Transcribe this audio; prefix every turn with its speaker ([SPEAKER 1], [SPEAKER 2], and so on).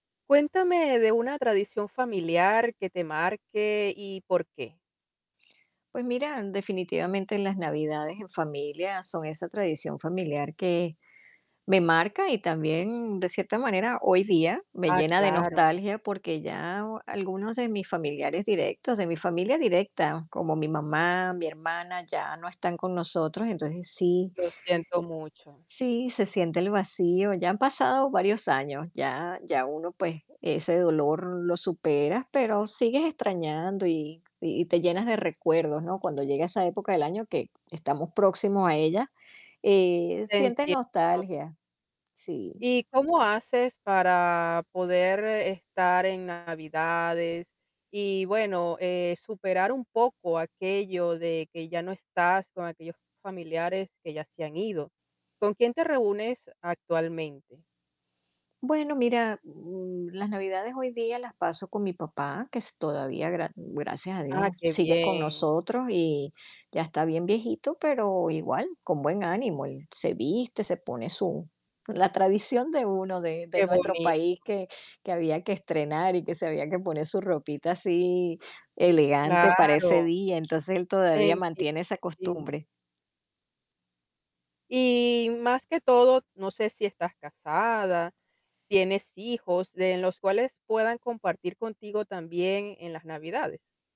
[SPEAKER 1] Cuéntame de una tradición familiar que te marque y, por qué.
[SPEAKER 2] Pues mira, definitivamente, las navidades en familia son esa tradición familiar que me marca, y también, de cierta manera, hoy día, me
[SPEAKER 1] Ah,
[SPEAKER 2] llena de
[SPEAKER 1] claro.
[SPEAKER 2] nostalgia, porque ya algunos de mis familiares directos, de mi familia directa, como mi mamá, mi hermana, ya no están con nosotros, entonces sí
[SPEAKER 1] Lo siento mucho.
[SPEAKER 2] Sí, se siente el vacío, ya han pasado varios años, ya ya uno, pues, ese dolor lo superas, pero sigues extrañando y y te llenas de recuerdos, ¿no? Cuando llega esa época del año que estamos próximos a ella, eh,
[SPEAKER 1] Te
[SPEAKER 2] sientes
[SPEAKER 1] entiendo.
[SPEAKER 2] nostalgia. Sí.
[SPEAKER 1] ¿Y cómo haces para poder estar en navidades y, bueno, eh, superar un poco aquello de que ya no estás con aquellos familiares que ya se han ido? ¿Con quién te reúnes actualmente?
[SPEAKER 2] Bueno, mira, mm, las navidades hoy día las paso con mi papá, que es todavía, gra mm, gracias a
[SPEAKER 1] Ah,
[SPEAKER 2] Dios,
[SPEAKER 1] qué
[SPEAKER 2] sigue con
[SPEAKER 1] bien.
[SPEAKER 2] nosotros, y ya está bien viejito, pero igual, con buen ánimo, él se viste, se pone su la tradición de uno de de
[SPEAKER 1] Qué
[SPEAKER 2] nuestro
[SPEAKER 1] bonito.
[SPEAKER 2] país, que que había que estrenar y que se había que poner su ropita así, elegante, para ese
[SPEAKER 1] Claro.
[SPEAKER 2] día, entonces él todavía
[SPEAKER 1] Entiendo,
[SPEAKER 2] mantiene esa
[SPEAKER 1] sí.
[SPEAKER 2] costumbre.
[SPEAKER 1] Y, más que todo, no sé si estás casada, ¿tienes hijos de los cuales puedan compartir contigo también en las navidades?